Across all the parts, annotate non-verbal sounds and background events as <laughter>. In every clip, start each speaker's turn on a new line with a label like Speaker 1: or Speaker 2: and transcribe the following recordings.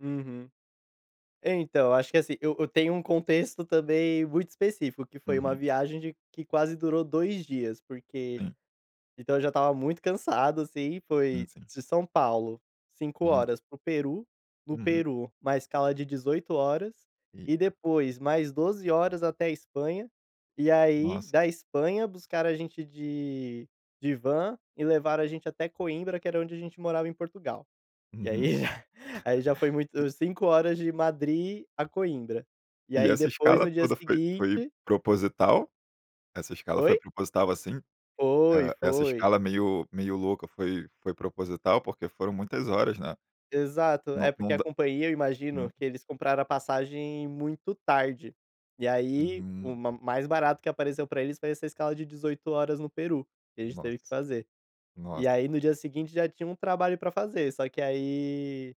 Speaker 1: Uhum. É então, eu acho que, assim, eu eu tenho um contexto, também, muito específico, que foi uma
Speaker 2: Uhum.
Speaker 1: viagem, de que quase durou 2 dias, porque,
Speaker 2: Sim.
Speaker 1: então, eu já estava muito cansado, assim,
Speaker 2: E
Speaker 1: foi
Speaker 2: sim.
Speaker 1: de São Paulo, 5
Speaker 2: Hum.
Speaker 1: horas para o Peru, no
Speaker 2: Uhum.
Speaker 1: Peru, 1 escala de 18 horas, e
Speaker 2: Eita.
Speaker 1: depois mais 12 horas até a Espanha, e aí
Speaker 2: Nossa.
Speaker 1: da Espanha, buscaram a gente de de van, e levaram a gente até Coimbra, que era onde a gente morava em Portugal. E aí,
Speaker 2: Uhum.
Speaker 1: aí já foi
Speaker 2: <chuckles>
Speaker 1: muito 5 horas de Madri a Coimbra. E
Speaker 2: E
Speaker 1: aí
Speaker 2: essa
Speaker 1: depois
Speaker 2: escala
Speaker 1: no dia
Speaker 2: toda, foi foi
Speaker 1: seguinte
Speaker 2: proposital? Essa escala, foi
Speaker 1: Oi?
Speaker 2: proposital, assim,
Speaker 1: Foi,
Speaker 2: eh, essa
Speaker 1: foi.
Speaker 2: escala, meio meio louca foi foi proposital, porque foram muitas horas, né,
Speaker 1: Exato.
Speaker 2: não
Speaker 1: É
Speaker 2: não
Speaker 1: porque a
Speaker 2: dá
Speaker 1: companhia, eu
Speaker 2: hum.
Speaker 1: imagino, que eles compraram a passagem muito tarde. E aí, o
Speaker 2: Hum.
Speaker 1: ma mais barato que apareceu pra eles, foi essa escala, de 18 horas no Peru, que a gente teve que
Speaker 2: Nossa,
Speaker 1: fazer.
Speaker 2: nossa.
Speaker 1: E aí, no dia seguinte, já tinha um trabalho pra fazer, só que aí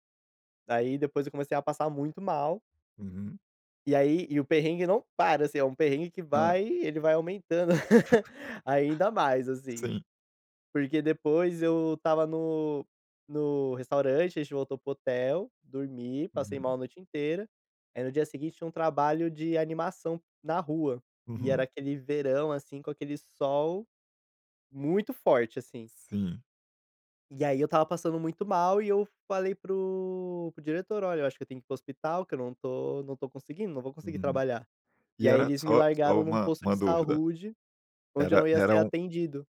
Speaker 1: aí depois eu comecei a passar muito mal
Speaker 2: Uhum.
Speaker 1: e aí e o perrengue não para, assim, é um perrengue que
Speaker 2: Ah.
Speaker 1: vai, ele vai aumentando, <chuckles> ainda mais,
Speaker 2: <chuckles>
Speaker 1: assim.
Speaker 2: Sim.
Speaker 1: Porque depois eu estava no no restaurante, a gente voltou para o hotel, dormi, passei
Speaker 2: Uhum.
Speaker 1: mal a noite inteira. Aí no dia seguinte, tinha um trabalho de animação na rua, e era
Speaker 2: Uhum.
Speaker 1: aquele verão, assim, com aquele sol muito forte, assim.
Speaker 2: Sim.
Speaker 1: E aí, eu estava passando muito mal, e eu falei para o para o diretor, "Olha eu acho que, eu tenho que ir para o hospital, que eu não tô não tô conseguindo, não vou conseguir
Speaker 2: Uhum.
Speaker 1: trabalhar." E
Speaker 2: E
Speaker 1: aí,
Speaker 2: era
Speaker 1: eles me
Speaker 2: só só
Speaker 1: largaram num
Speaker 2: uma
Speaker 1: posto de
Speaker 2: uma dúvida.
Speaker 1: saúde, onde eu
Speaker 2: Era
Speaker 1: não ia
Speaker 2: era
Speaker 1: ser
Speaker 2: um
Speaker 1: atendido.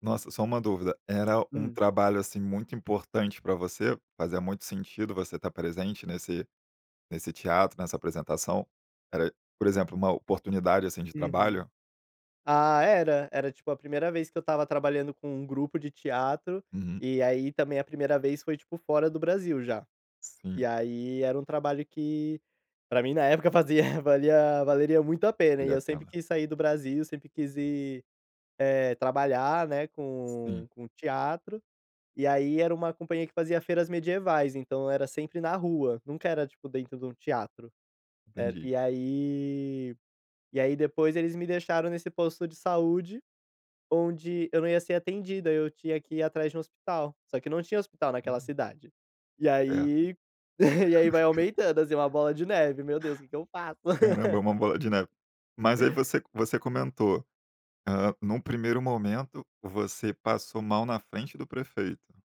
Speaker 2: Nossa, só uma dúvida. Era um
Speaker 1: Hum.
Speaker 2: trabalho, assim, muito importante, pra você, fazia muito sentido, você estar presente nesse nesse teatro, nessa apresentação. Era, por exemplo, uma oportunidade, assim, de
Speaker 1: Uhum.
Speaker 2: trabalho?
Speaker 1: Ah era, era tipo a primeira vez, que eu estava trabalhando, com um grupo de teatro,
Speaker 2: Uhum.
Speaker 1: e aí também, a primeira vez foi tipo, fora do Brasil já. E
Speaker 2: Sim.
Speaker 1: aí, era um trabalho que, pra mim na época fazia valia valeria muito a pena, e
Speaker 2: Valia a
Speaker 1: eu sempre
Speaker 2: pena.
Speaker 1: quis sair do Brasil, sempre quis ir, eh, trabalhar, né,
Speaker 2: Sim.
Speaker 1: com com teatro. E aí era uma companhia, que fazia feiras medievais, então, era sempre na rua, nunca era tipo, dentro de um teatro. Eh,
Speaker 2: Entendi.
Speaker 1: e aí e aí depois eles me deixaram, nesse posto de saúde, onde eu não ia ser atendido, eu tinha que ir atrás de um hospital, só que não tinha hospital naquela
Speaker 2: Hum.
Speaker 1: cidade. E
Speaker 2: É.
Speaker 1: aí e aí vai
Speaker 2: <chuckles>
Speaker 1: aumentando, assim, uma bola de neve, meu Deus, que que eu faço?
Speaker 2: Caramba, uma
Speaker 1: <chuckles>
Speaker 2: bola de neve. Mas, aí você você comentou, eh, num primeiro momento, você passou mal, na frente do prefeito.